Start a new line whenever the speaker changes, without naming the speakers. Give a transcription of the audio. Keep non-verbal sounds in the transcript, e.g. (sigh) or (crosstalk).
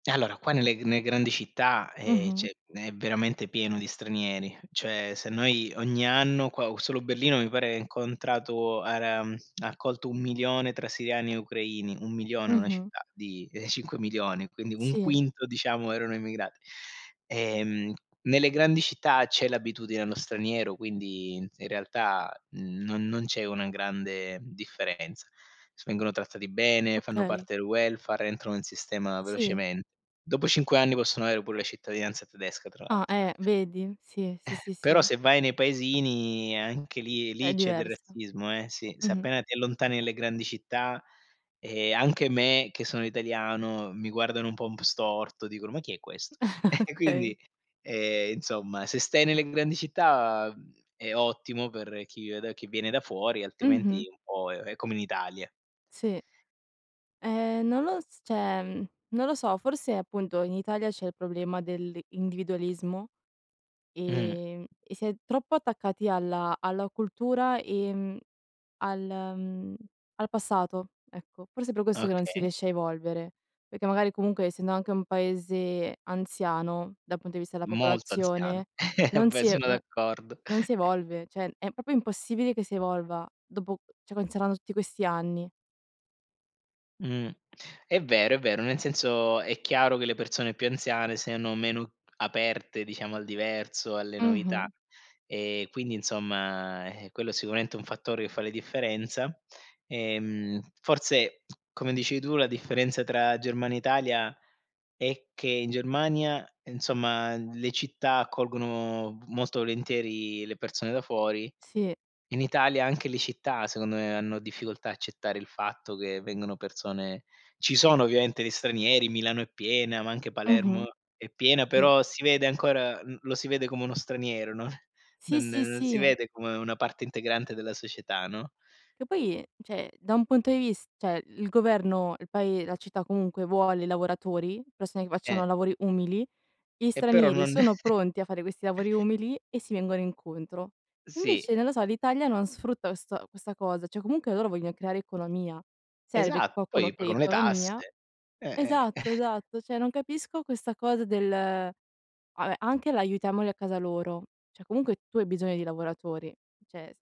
Allora qua nelle g ne grandi città, ehm, c'è
Mh-mh.
è veramente pieno di stranieri, cioè se noi ogni anno qua solo Berlino, mi pare, incontrato, ara mhmm, ha accolto 1000000 tra siriani e ucraini, 1000000, una
Mh-mh.
città di, ehm, 5000000, quindi un
Sì.
quinto diciamo erano immigrati. Ehm, nelle grandi città c'è l'abitudine allo straniero, quindi, in realtà non non c'è una grande differenza s vengono trattati bene, fanno
Okay.
parte del welfare, entrano in sistema
Sì.
velocemente; dopo 5 anni possono avere pure la cittadinanza tedesca tra
Ah,
l'altro.
eh, vedi? Sì, sì,
(chuckles)
sì, sì,
Però
sì.
se vai nei paesini, anche lì lì
È
c'è del
diversa.
razzismo, eh, sì. Se
Mh-mh.
appena ti allontani nelle grandi città, ehm, anche me, che sono italiano, mi guardano un po' un p storto, dicono: "Ma chi è questo?" (chuckles)
Okay.
Quindi, ehm, insomma se stai nelle grandi città, uhm, è ottimo per chi ved per chi viene da fuori,
Mh-mh.
altrimenti è un po' è è come in Italia.
Sì, ehm, non lo s cioè, non lo so, forse appunto in Italia c'è il problema dell'individualismo,
Mh-mh.
ehm, e si è troppo attaccati alla alla cultura e al, mhmm, al passato, ecco. Forse per questo che non si
Okay.
riesce a evolvere, perché magari comunque essendo anche un paese anziano, dal punto di vista della
Molto anziano,
popolazione,
(chuckles) eh
non
beh
si e
sono d'accordo.
non si evolve, cioè è proprio impossibile che si evolva, dopo cioè considerando tutti questi anni.
Mh, è vero, è vero, nel senso, è chiaro che le persone più anziane siano meno aperte, diciamo, al diverso, alle novità;
Mh-mh.
e quindi insomma, eh quello sicuramente è un fattore che fa la differenza. Ehm, forse come dici tu, la differenza tra Germania e Italia è che in Germania, insomma, le città accolgono molto volentieri le persone da fuori;
Sì.
in Italia anche le città, secondo me hanno difficoltà a accettare il fatto che vengono persone ci sono ovviamente gli stranieri, Milano è piena, ma anche Palermo
Mh-mh.
è piena,
Sì.
però si vede ancora l lo si vede come uno straniero, no,
Sì,
non
sì,
non si
sì.
vede come una parte integrante della società, no?
Che poi, cioè da un punto di vis cioè il governo, il pae la città comunque vuole lavoratori, persone che
Eh.
facciano lavori umili, gli
E però
stranieri
non
sono
(chuckles)
pronti a fare questi lavori umili, e si vengono incontro.
Sì.
Invece non lo so, l'Italia non sfrutta questa questa cosa, cioè comunque loro vogliono creare economia, serve che
Esatto,
qualcuno
poi
crei
pagano le
economia.
tasse. Eh, eh.
Esatto,
(chuckles)
esatto, cioè non capisco questa cosa del, vabbè anche l'aiutiamoli a casa loro, cioè comunque tu hai bisogno di lavoratori, cioè s